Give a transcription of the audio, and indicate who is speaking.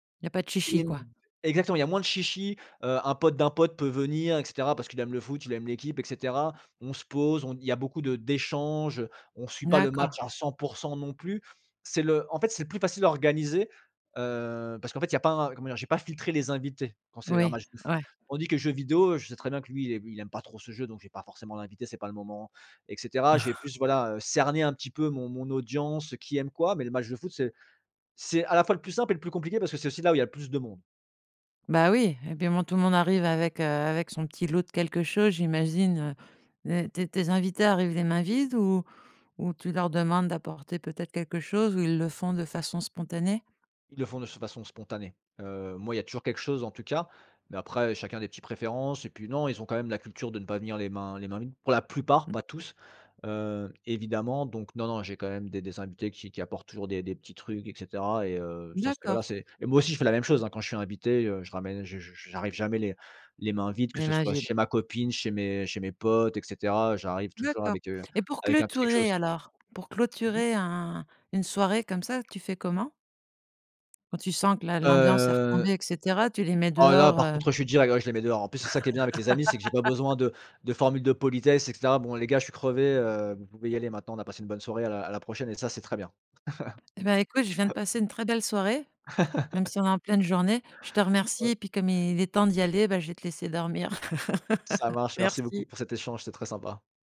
Speaker 1: Il y a pas de
Speaker 2: Ex
Speaker 1: chichi, quoi.
Speaker 2: exactement, il y a moins de chichis, heu, un pote d'un pote peut venir, et cetera, parce qu'il aime le foot, il aime l'équipe, et cetera. On se pose, on d il y a beaucoup de d'échanges. On suit pas le match
Speaker 1: D'accord.
Speaker 2: à 100 % non plus. C'est le en fait, c'est le plus facile à organiser, heu, parce qu'en fait, il y a pas un comment dire? J'ai pas filtré les invités quand c'est un
Speaker 1: Oui,
Speaker 2: match de foot.
Speaker 1: ouais.
Speaker 2: Tandis que les jeux vidéo, je sais très bien que lui, il ai il aime pas trop ce jeu donc je vais pas forcément l'inviter, c'est pas le moment, et cetera. J'ai plus voilà, heu, cerné un petit peu mon mon audience, qui aime quoi, mais le match de foot, c'est c'est à la fois le plus simple et le plus compliqué parce que c'est aussi là où il y a le plus de monde.
Speaker 1: Bah, oui, et puis à un moment, tout le monde arrive avec, heu, avec son petit lot de quelque chose, j'imagine, heu, les tes tes invités arrivent les mains vides ou ou tu leur demandes d'apporter peut-être quelque chose? Ou ils le font de façon spontanée?
Speaker 2: Ils le font de s de façon spontanée. Heu, moi il y a toujours quelque chose en tout cas, mais après chacun a des petites préférences. Et puis non, ils ont quand même la culture de ne pas venir les mains les mains vides, pour la plupart,
Speaker 1: Mmh.
Speaker 2: pas tous, heu, évidemment. Donc non, non, j'ai quand même des des invités qui qui apportent toujours des des petits trucs, et cetera, et heu, ça c'était voilà,
Speaker 1: D'accord.
Speaker 2: c'est et moi aussi, je fais la même chose, hein, quand je suis invité, heu, je ramène je je je j'arrive jamais les les mains vides, que
Speaker 1: Les
Speaker 2: ce
Speaker 1: mains
Speaker 2: soit
Speaker 1: vides.
Speaker 2: chez ma copine, chez mes chez mes potes et cetera, j'arrive toujours
Speaker 1: D'accord.
Speaker 2: avec, heu,
Speaker 1: Et pour
Speaker 2: avec un petit quelque
Speaker 1: clôturer
Speaker 2: chose.
Speaker 1: alors, pour
Speaker 2: Mmh mh.
Speaker 1: clôturer un une soirée comme ça, tu fais comment? Quand tu sens que la l'ambiance est
Speaker 2: Heu,
Speaker 1: retombée, et cetera, tu les mets
Speaker 2: ah là,
Speaker 1: dehors,
Speaker 2: par
Speaker 1: heu?
Speaker 2: contre je suis direct, ouais, je les mets dehors. En plus c'est ça qui est bien avec les amis, c'est que j'ai pas besoin de de formule de politesse, et cetera. «Bon, les gars je suis crevé, heu, vous pouvez y aller maintenant, on a passé une bonne soirée à la à la prochaine», et ça c'est très bien.
Speaker 1: Et ben, écoute, je viens de passer une très belle soirée. Même si on est en pleine journée. Je te remercie.
Speaker 2: Ouais.
Speaker 1: Et puis, comme il est temps d'y aller, bah, je vais te laisser dormir.
Speaker 2: Ça marche, merci beaucoup
Speaker 1: Merci.
Speaker 2: pour cet échange, c'était très sympa.